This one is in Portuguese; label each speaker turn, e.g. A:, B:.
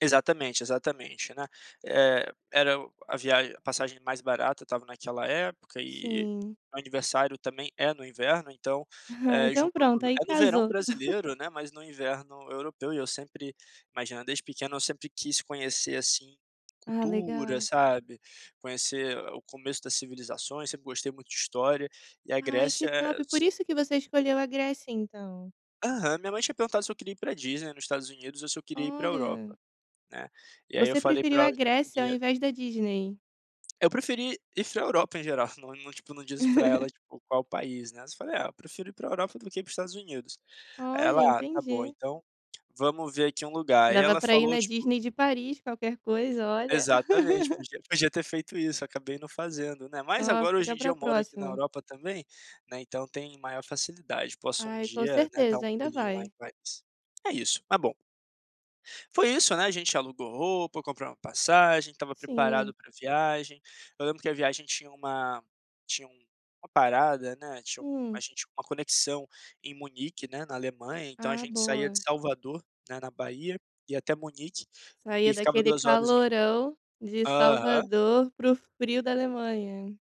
A: Exatamente, exatamente, né? Eh, era o a viagem a passagem mais barata estava naquela época e
B: Sim.
A: o meu aniversário também é no inverno, então,
B: Ah,
A: eh,
B: então
A: juntou
B: pronto,
A: tudo.
B: aí
A: É no verão
B: casou.
A: brasileiro, né, mas no inverno europeu e eu sempre imagina, desde pequeno eu sempre quis conhecer, assim,
B: Ah,
A: cultura,
B: legal.
A: sabe. Conhecer o começo das civilizações, sempre gostei muito de história, e a
B: Ai,
A: Grécia
B: que
A: é
B: top! Por
A: as
B: isso que você escolheu a Grécia então.
A: Aham. Minha mãe tinha perguntado se eu queria ir para a Disney nos Estados Unidos ou se eu queria ir para a Europa,
B: Olha!
A: né, e aí eu
B: Você
A: falei
B: preferiu
A: pra
B: a
A: ela que eu
B: Grécia ao
A: queria
B: invés da Disney.
A: Eu preferi ir para a Europa em geral. Não não, tipo, não diz para ela, tipo, qual país, né, eu falei: "Ah eu prefiro ir para a Europa do que ir para os Estados Unidos." Aí
B: Olha,
A: ela: "Ah, tá bom.
B: entendi.
A: Então, vamos ver aqui um lugar." Aí
B: Dava
A: ela
B: pra ir
A: falou
B: na
A: tipo
B: Disney de Paris, qualquer coisa, olha.
A: Exatamente, podia podia ter feito isso, acabei não fazendo, né. Mas
B: Oh,
A: agora, hoje
B: fica
A: em
B: para
A: dia
B: a
A: eu moro aqui na
B: próxima.
A: Europa também, né, então tem maior facilidade. Posso um
B: Ai, com
A: dia, né, dar
B: certeza,
A: um
B: ainda
A: pulinho lá em
B: vai.
A: Paris. É isso, tá bom. Foi isso, né, a gente alugou roupa, compramos a passagem, estava
B: Sim.
A: preparado para a viagem. Eu lembro que a viagem tinha uma tinha uma parada, né, tinha um a
B: Hum.
A: gente uma conexão em Munique, né, na Alemanha. Então a
B: Ah,
A: gente saía de
B: boa.
A: Salvador, né, na Bahia, ia até Munique
B: Saía
A: e ficava
B: daquele
A: 2 horas em
B: calorão de
A: Aham.
B: Salvador pro frio da Alemanha.